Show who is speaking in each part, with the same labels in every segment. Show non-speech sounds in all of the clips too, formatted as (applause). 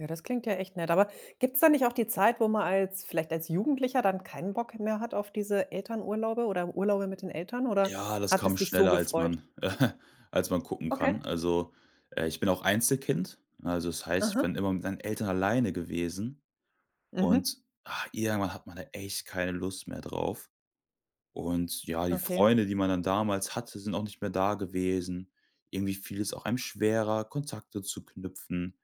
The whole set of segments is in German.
Speaker 1: Ja, das klingt ja echt nett. Aber gibt's da nicht auch die Zeit, wo man als vielleicht als Jugendlicher dann kein Bock mehr hat auf diese Elternurlaube, oder Urlaube mit den Eltern, oder
Speaker 2: Ja, das
Speaker 1: hat
Speaker 2: kam
Speaker 1: es dich so
Speaker 2: schneller, als
Speaker 1: gefreut
Speaker 2: man (chuckles) als man gucken
Speaker 1: Okay.
Speaker 2: kann. Also, äh, ich bin auch Einzelkind, ne, also, das heißt, ich
Speaker 1: Mhm.
Speaker 2: bin immer mit meinen Eltern alleine gewesen und,
Speaker 1: Mhm.
Speaker 2: ah irgendwann, hat man da echt keine Lust mehr drauf und, ja, die
Speaker 1: Okay.
Speaker 2: Freunde, die man dann damals hatte, sind auch nicht mehr da gewesen. Irgendwie fiel es auch einem schwerer, Kontakte zu knüpfen,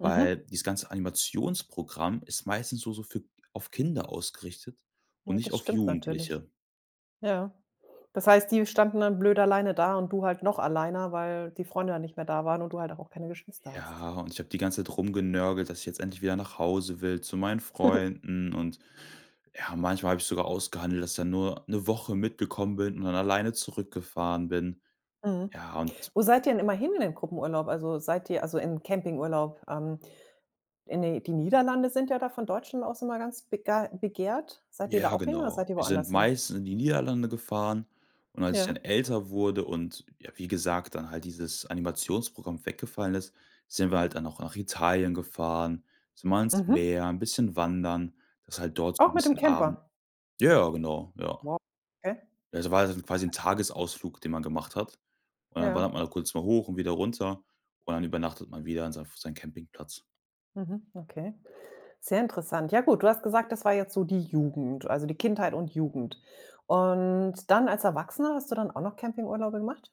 Speaker 2: weil
Speaker 1: Mhm.
Speaker 2: dieses ganze Animationsprogramm ist meistens nur so für auf Kinder ausgerichtet und
Speaker 1: Ja,
Speaker 2: nicht
Speaker 1: das
Speaker 2: auf
Speaker 1: stimmt natürlich.
Speaker 2: Jugendliche.
Speaker 1: Ja. Das heißt, die standen dann blöd alleine da und du halt noch alleiner, weil die Freunde ja nicht mehr da waren und du halt auch keine Geschwister hast.
Speaker 2: Ja, und ich habe die ganze Zeit rumgenörgelt, dass ich jetzt endlich wieder nach Hause will zu meinen
Speaker 1: (chuckles)
Speaker 2: Freunden und, ja, manchmal habe ich sogar ausgehandelt, dass ich dann nur 'ne Woche mitgekommen bin und dann alleine zurückgefahren bin.
Speaker 1: Mhm.
Speaker 2: Ja, und
Speaker 1: Wo seid ihr denn immer hin in den Gruppenurlaub? Also, seid ihr also, in 'n Campingurlaub? Ähm, in die die Niederlande sind ja da von Deutschen aus immer ganz begei begehrt. Seid ihr da
Speaker 2: Ja,
Speaker 1: auch hin oder
Speaker 2: genau.
Speaker 1: seid ihr
Speaker 2: Wir sind
Speaker 1: woanders hin?
Speaker 2: meistens in die Niederlande gefahren und als ich dann
Speaker 1: Ja.
Speaker 2: älter wurde und, ja, wie gesagt, dann halt dieses Animationsprogramm weggefallen ist, sind wir halt dann auch nach Italien gefahren, sind mal ans
Speaker 1: Mhm.
Speaker 2: Meer, 'n bisschen wandern. Das ist halt dort so 'n
Speaker 1: Auch mit dem
Speaker 2: bisschen aben
Speaker 1: Camper?
Speaker 2: ja, ja, genau, ja.
Speaker 1: Wow, okay.
Speaker 2: Ja, das war, also, quasi 'n Tagesausflug, den man gemacht hat und dann
Speaker 1: Ja.
Speaker 2: wandert man da kurz mal hoch und wieder runter und dann übernachtet man wieder in seinem f seinem Campingplatz.
Speaker 1: Mhm, okay. Sehr interessant. Ja gut, du hast gesagt, das war jetzt so die Jugend, also, die Kindheit und Jugend und dann als Erwachsener, hast du dann auch noch Campingurlaube gemacht?